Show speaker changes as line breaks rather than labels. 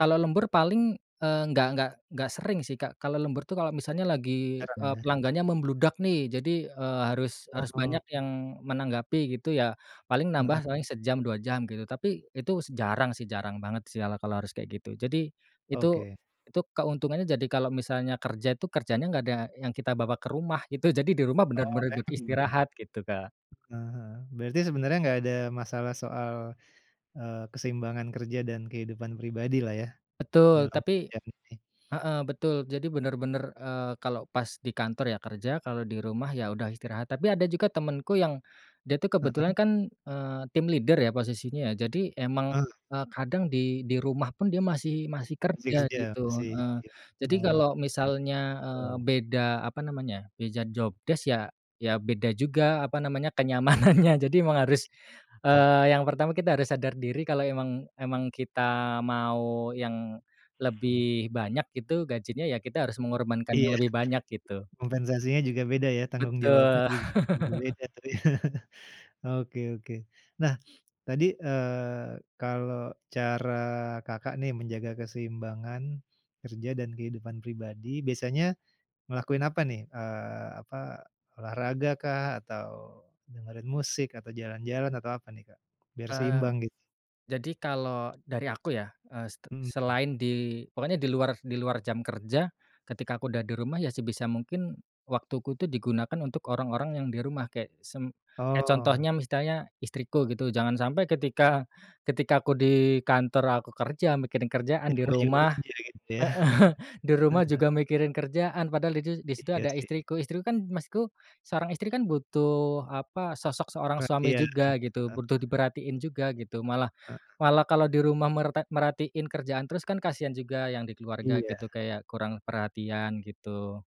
Kalo lembur paling, eee, enggak enggak enggak sering sih Kak. Kalau lembur tuh kalau misalnya lagi,
Jarang
eee,
yah.
pelanggannya membludak nih, jadi, eee, harus harus
Oh.
banyak yang menanggapi gitu ya. Paling
Heeh.
nambah paling sejam, 2 jam gitu. Tapi itu s jarang sih, jarang banget sih ala kalau harus kayak gitu. Jadi, itu,
Oke.
itu keuntungannya jadi kalau misalnya kerja tuh, kerjanya gak ada yang kita bawa ke rumah, itu jadi di rumah
Oh
bener-bener buat
enak dong.
istirahat gitu Kak.
Heeh, berarti sebenarnya nggak ada masalah soal, eee, keseimbangan kerja dan kehidupan pribadi lah ya?
Betul
Dalam
tapi
yang nih.
heeh, betul, jadi bener-bener, eee, kalau pas di kantor ya kerja, kalau di rumah ya udah istirahat, tapi ada juga temenku yang, dia tuh
Heeh.
kebetulan kan, eee, team leader ya posisinya, jadi emang,
Eh.
eee, kadang di di rumah pun dia masih masih
Masih
kerja
kerja,
gitu,
masih
heeh.
ya,
Jadi
mah
kalau misalnya,
[unintelligible]
eee,
betul.
beda apa namanya, beda job desc ya ya beda juga apa namanya, kenyamanannya jadi emang harus,
Eh.
eee, yang pertama kita harus sadar diri kalau emang emang kita mau yang lebih banyak gitu gajinya, ya kita harus mengorbankan
Iya.
yang lebih banyak gitu.
Kompensasinya juga beda ya tanggung jawabnya
Betul.
ju [unintelligible] beda tapi oke oke. Nah tadi, eee, kalau cara Kakak nih menjaga keseimbangan, kerja dan kehidupan pribadi biasanya, ngelakuin apa nih, eee, apa olahraga kah atau, dengerin musik atau jalan-jalan atau apa nih Kak biar
Ah hah.
seimbang gitu?
Jadi kalau dari aku ya, eee, ste
Mhm.
selain di pokoknya di luar di luar jam kerja, ketika aku udah di rumah ya sebisa mungkin, waktuku tuh digunakan untuk orang-orang yang di rumah kayak sem kek
Oh.
contohnya misalnya istriku gitu. Jangan sampai ketika ketika aku di kantor aku kerja mikirin
Di
kerjaan, di
rumah juga
rumah
kerja gitu ya.
heeh, di
Ah
rumah
hah.
juga mikirin kerjaan padahal didu di situ
Iya
ada
sih.
istriku. Istriku kan maksudku, seorang istri kan butuh apa sosok seorang suami
Perhatian,
juga gitu,
heeh.
butuh diperhatiin juga gitu. Malah
Heeh.
malah kalau di rumah merta merhatiin kerjaan terus kan kasihan juga yang di keluarga gitu,
Iya.
kayak kurang perhatian gitu.